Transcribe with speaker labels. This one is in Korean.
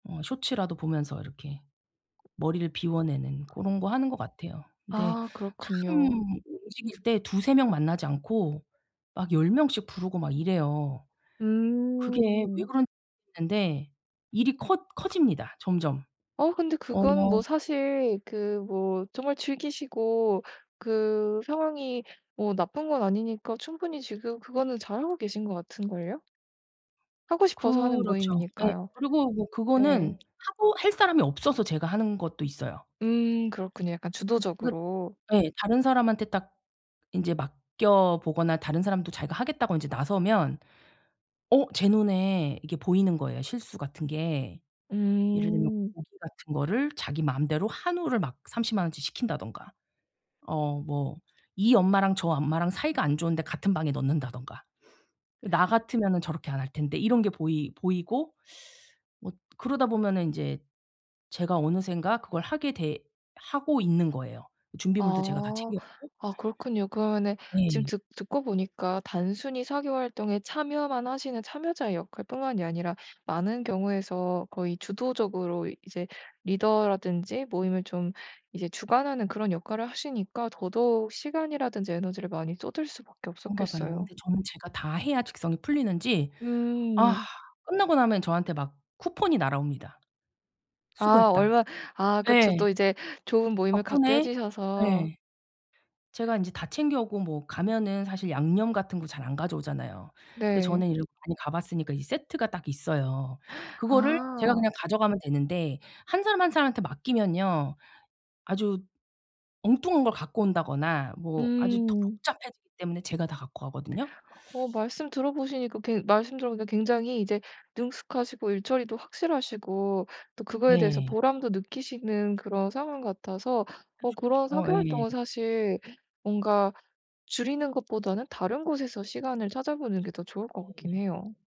Speaker 1: 어 쇼츠라도 보면서 이렇게 머리를 비워내는 고런 거 하는 거 같아요. 근데
Speaker 2: 아.
Speaker 1: 참
Speaker 2: 그렇군요.
Speaker 1: 움직일 때 2-3 명 만나지 않고 막 10 명씩 부르고 막 이래요. 그게 왜
Speaker 2: 음.
Speaker 1: 그런 [unintelligible] 겠는데 일이 커 커집니다 점점.
Speaker 2: 어 근데
Speaker 1: 어.
Speaker 2: 그거는 뭐 사실 그 뭐 정말 즐기시고 그 상황이 뭐 나쁜 건 아니니까 충분히 지금 그거는 잘하고 계신 것 같은 걸요. 하고 싶어서 하는
Speaker 1: 그렇죠. 예.
Speaker 2: 모임이니까요.
Speaker 1: 그리고 뭐 그거는
Speaker 2: 네.
Speaker 1: 하고 할 사람이 없어서 제가 하는 것도 있어요.
Speaker 2: 음 그렇군요. 약간
Speaker 1: 그
Speaker 2: 주도적으로.
Speaker 1: 예 다른 사람한테 딱 인제 맡겨 보거나 다른 사람도 자기가 "하겠다."고 인제 나서면 어 제 눈에 이게 보이는 거예요 실수 같은 게. 예를 들면
Speaker 2: 음.
Speaker 1: 고기 같은 거를 자기 마음대로 한우를 막 300,000 원어치 시킨다든가 어 뭐 이 엄마랑 저 엄마랑 사이가 안 좋은데 같은 방에 넣는다든가 '나 같으면은 저렇게 안 할 텐데.' 이런 게 보이 보이고 뭐 그러다 보면은 인제 제가 어느샌가 그걸 하게 되 하고 있는 거예요 준비물도 제가 다
Speaker 2: 아.
Speaker 1: 챙겨 가고.
Speaker 2: 아 그렇군요. 그러면은 지금
Speaker 1: 네.
Speaker 2: 듣 듣고 보니까 단순히 사교 활동에 참여만 하시는 참여자의 역할뿐만이 아니라 많은 경우에서 거의 주도적으로 이 이제 리더라든지 모임을 좀 이제 주관하는 그런 역할을 하시니까 더더욱 시간이라든지 에너지를 많이 쏟을 수밖에
Speaker 1: 그런가 봐요.
Speaker 2: 없었겠어요.
Speaker 1: 근데 저는 제가 다 해야 직성이 풀리는지 아
Speaker 2: 음.
Speaker 1: 끝나고 나면 저한테 막 쿠폰이 날아옵니다.
Speaker 2: 아
Speaker 1: "수고했다."
Speaker 2: 얼마 아 그쵸.
Speaker 1: 예.
Speaker 2: 또 이제 좋은 모임을 갖게 해
Speaker 1: 덕분에
Speaker 2: 주셔서
Speaker 1: 예. 제가 인제 다 챙겨 오고 뭐 가면은 사실 양념 같은 거 잘 안 가져오잖아요. 근데
Speaker 2: 네.
Speaker 1: 저는 이렇게 많이 가 봤으니까 이 세트가 딱 있어요. 그거를 제가
Speaker 2: 아.
Speaker 1: 그냥 가져가면 되는데 1 사람, 1 사람한테 맡기면요 아주 엉뚱한 걸 갖고 온다거나 뭐 아주 더
Speaker 2: 음.
Speaker 1: 복잡해지기 때문에 제가 다 갖고 가거든요.
Speaker 2: 어 말씀 들어보시니까 그 말씀 들어보니까 굉장히 이제 능숙하시고 일 처리도 확실하시고 또 그거에 대해서
Speaker 1: 네.
Speaker 2: 보람도 느끼시는 그런 상황 같아서 어
Speaker 1: 그렇죠.
Speaker 2: 그런
Speaker 1: 어
Speaker 2: 사교
Speaker 1: 예.
Speaker 2: 활동은 사실 뭔가 줄이는 것보다는 다른 곳에서 시간을 찾아보는 게 더
Speaker 1: 그렇죠.
Speaker 2: 좋을 것 같긴
Speaker 1: 예.
Speaker 2: 해요.